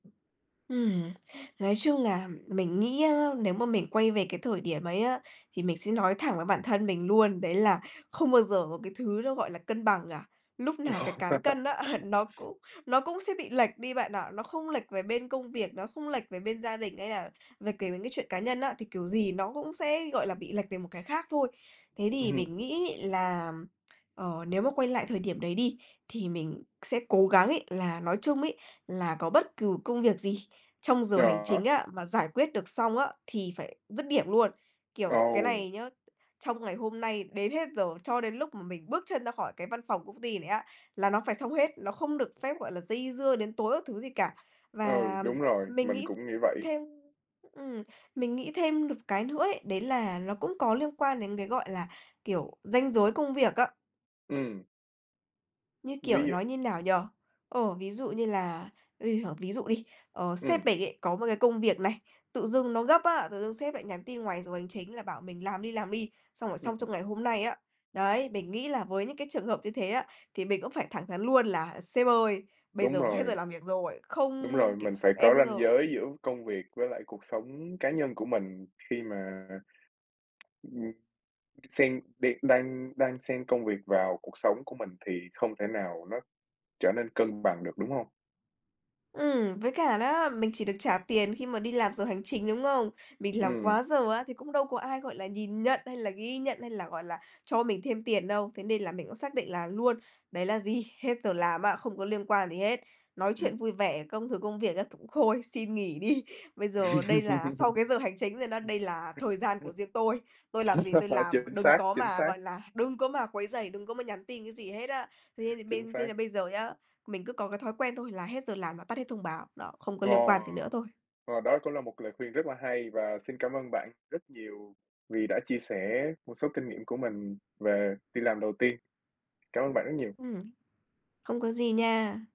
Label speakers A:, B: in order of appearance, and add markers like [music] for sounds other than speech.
A: Ừm, nói chung là mình nghĩ á nếu mà mình quay về cái thời điểm ấy á, thì mình sẽ nói thẳng với bản thân mình luôn, đấy là không bao giờ có cái thứ nó gọi là cân bằng cả. Lúc nào cái cán cân á
B: [laughs]
A: nó cũng nó cũng sẽ bị lệch đi bạn ạ. Nó không lệch về bên công việc, nó không lệch về bên gia đình hay là về kể về cái chuyện cá nhân á, thì kiểu gì nó cũng sẽ, gọi là, bị lệch về một cái khác thôi. Thế thì
B: Ừm.
A: mình nghĩ là, ừm, ờ, nếu mà quay lại thời điểm đấy đi, thì mình sẽ cố gắng ấy là, nói chung ấy, là có bất cừ công việc gì trong giờ hành chính
B: [unintelligible]
A: á mà giải quyết được xong á, thì phải dứt điểm luôn. Kiểu, cái
B: Ồ.
A: này nhớ, trong ngày hôm nay, đến hết giờ, cho đến lúc mà mình bước chân ra khỏi cái văn phòng công ty này á là nó phải xong hết, nó không được phép, gọi là, dây dưa đến tối các thứ gì cả.
B: Ừ,
A: Và
B: đúng rồi,
A: mình
B: mình
A: nghĩ
B: cũng nghĩ vậy.
A: thêm ừm, mình nghĩ thêm được cái nữa ấy, đấy là nó cũng có liên quan đến cái, gọi là, kiểu, ranh giới công việc á.
B: Ừm.
A: Như
B: Ví
A: kiểu,
B: dụ
A: nói như nào nhỉ? Ồ, ví dụ như là [unintelligible] ví dụ đi, ờ,
B: Ừm.
A: sếp mình á có một cái công việc này, tự dưng nó gấp á, tự dưng sếp lại nhắn tin ngoài giờ hành chính là bảo mình làm đi, làm đi, xong rồi xong trong
B: Ừm.
A: ngày hôm nay á. Đấy, mình nghĩ là với những cái trường hợp như thế á, thì mình cũng phải thẳng thắn luôn là "Sếp ơi, bây
B: Đúng
A: giờ hết giờ
B: rồi.
A: làm việc rồi, không
B: Đúng rồi,
A: kiểu,
B: mình phải
A: em
B: có
A: bây
B: ranh
A: giờ"
B: giới giữa công việc với lại cuộc sống cá nhân của mình, khi mà, ừm, xen đi đan đan xen công việc vào cuộc sống của mình thì không thể nào nó trở nên cân bằng được, đúng hông?
A: Ừm, với cả đó, mình chỉ được trả tiền khi mà đi làm giờ hành trình, đúng không? Mình làm
B: Ừm.
A: quá giờ á thì cũng đâu có ai, gọi là, nhìn nhận hay là ghi nhận hay là, gọi là, cho mình thêm tiền đâu. Thế nên là mình cũng xác định là luôn, đấy là gì? Hết giờ làm á, không có liên quan gì hết. Nói
B: Ừm.
A: chuyện vui vẻ, công thực công việc á th thôi, xin nghỉ đi. Bây
B: [laughs]
A: giờ đây là sau cái giờ hành chính rồi đó, đây là thời
B: [unintelligible]
A: gian của
B: [laughs]
A: riêng tôi. Tôi làm gì tôi làm,
B: Chính
A: đừng
B: xác,
A: có
B: chính
A: mà,
B: xác.
A: gọi là, đừng có mà quấy rầy, đừng có mà nhắn tin cái gì hết á. Thế là
B: Chính
A: bên thế
B: xác.
A: là bây giờ nhá, mình cứ có cái thói quen thôi là hết giờ làm và tắt hết thông báo, đó, không có
B: Ồ!
A: liên quan gì nữa thôi.
B: Ồ, đó cũng là một lời khuyên rất là hay, và xin cảm ơn bạn rất nhiều vì đã chia sẻ một số kinh nghiệm của mình về đi làm đầu tiên. Cảm ơn bạn rất nhiều!
A: Ừm, không có gì nha.